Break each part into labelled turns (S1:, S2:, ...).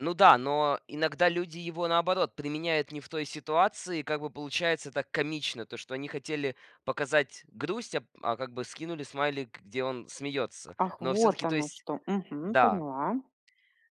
S1: Ну да, но иногда люди его, наоборот, применяют не в той ситуации. Как бы получается так комично, то, что они хотели показать грусть, а п а как бы скинули смайлик, где он смеётся.
S2: Ах,
S1: Но
S2: вот
S1: всё-таки, то
S2: оно
S1: есть
S2: что! Мгм.
S1: да.
S2: Поняла.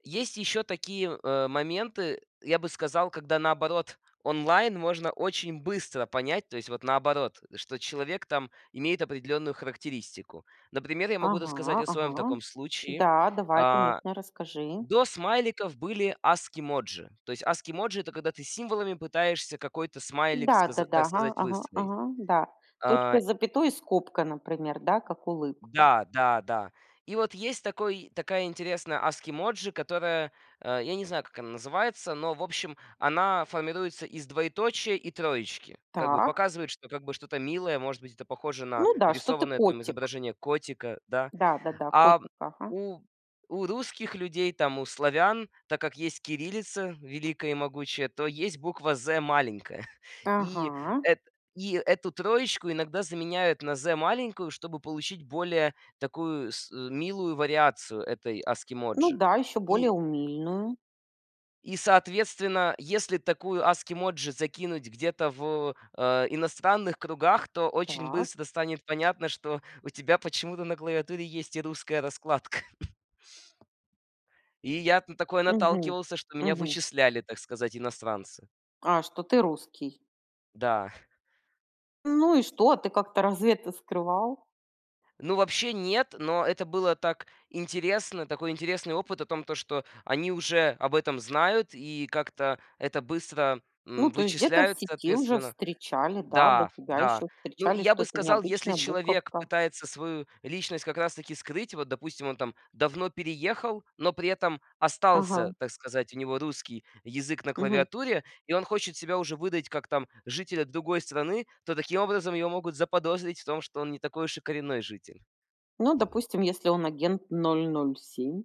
S1: Есть ещё такие, э, моменты, я бы сказал, когда, наоборот, онлайн можно очень быстро понять, то есть, вот, наоборот, что человек, там, имеет определённую характеристику. Например, я могу рассказать
S2: Ага
S1: о своём
S2: ага.
S1: таком случае.
S2: Да давай,
S1: А,
S2: конечно, расскажи.
S1: до смайликов были ASCII emoji. То есть ASCII emoji- это когда ты символами пытаешься какой-то смайлик, сказа
S2: Да-да-да,
S1: так
S2: ага,
S1: сказать,
S2: ага,
S1: выстроить.
S2: ага, да.
S1: А.
S2: Точка с запятой и скобка, например, да, как улыбка.
S1: Да да да. И вот есть такой такая интересная ASCII emoji, которая а я не знаю, как она называется, но, в общем, она формируется из двоеточия и троечки. Как бы
S2: Так.
S1: показывает, что, как бы, что-то милое, может быть, это похоже на
S2: Ну да, что ты,
S1: рисованное, там,
S2: котик.
S1: изображение котика, да.
S2: Да-да-да,
S1: А
S2: котик, ага.
S1: у у русских людей, там, у славян, так как есть кириллица великая и могучая, то есть буква "з" маленькая. И,
S2: Ага.
S1: эт и эту троечку иногда заменяют на "з" маленькую, чтобы получить более такую милую вариацию этой ASCII
S2: Ну
S1: emoji.
S2: да, ещё более
S1: И
S2: умильную.
S1: и соответственно, если такую ASCII emoji закинуть где-то в, а, иностранных кругах, то очень
S2: Так.
S1: быстро станет понятно, что у тебя почему-то на клавиатуре есть и русская раскладка. И я т на такое
S2: Мгм,
S1: наталкивался, что меня
S2: мгм.
S1: вычисляли, так сказать, иностранцы.
S2: А, что, ты русский?
S1: Да.
S2: Ну и что? А ты как-то разве это скрывал?
S1: Ну, вообще нет, но это было так интересно, такой интересный опыт о том, то, что они уже об этом знают и как-то это быстро, м,
S2: Ну, то есть, где-то в
S1: вычисляют
S2: сети уже
S1: соответственно.
S2: встречали, да, до
S1: Да,
S2: тебя
S1: да.
S2: ещё
S1: Ну,
S2: встречали,
S1: я
S2: что
S1: бы
S2: это
S1: сказал, если
S2: необычная
S1: человек
S2: буковка.
S1: пытается свою личность как раз-таки скрыть. Вот, допустим, он там давно переехал, но при этом остался,
S2: Ага.
S1: так сказать, у него русский язык на
S2: Мгм.
S1: клавиатуре, и он хочет себя уже выдать как, там, жителя другой страны, то таким образом его могут заподозрить в том, что он не такой уж и коренной житель.
S2: Ну, допустим, если он агент 007.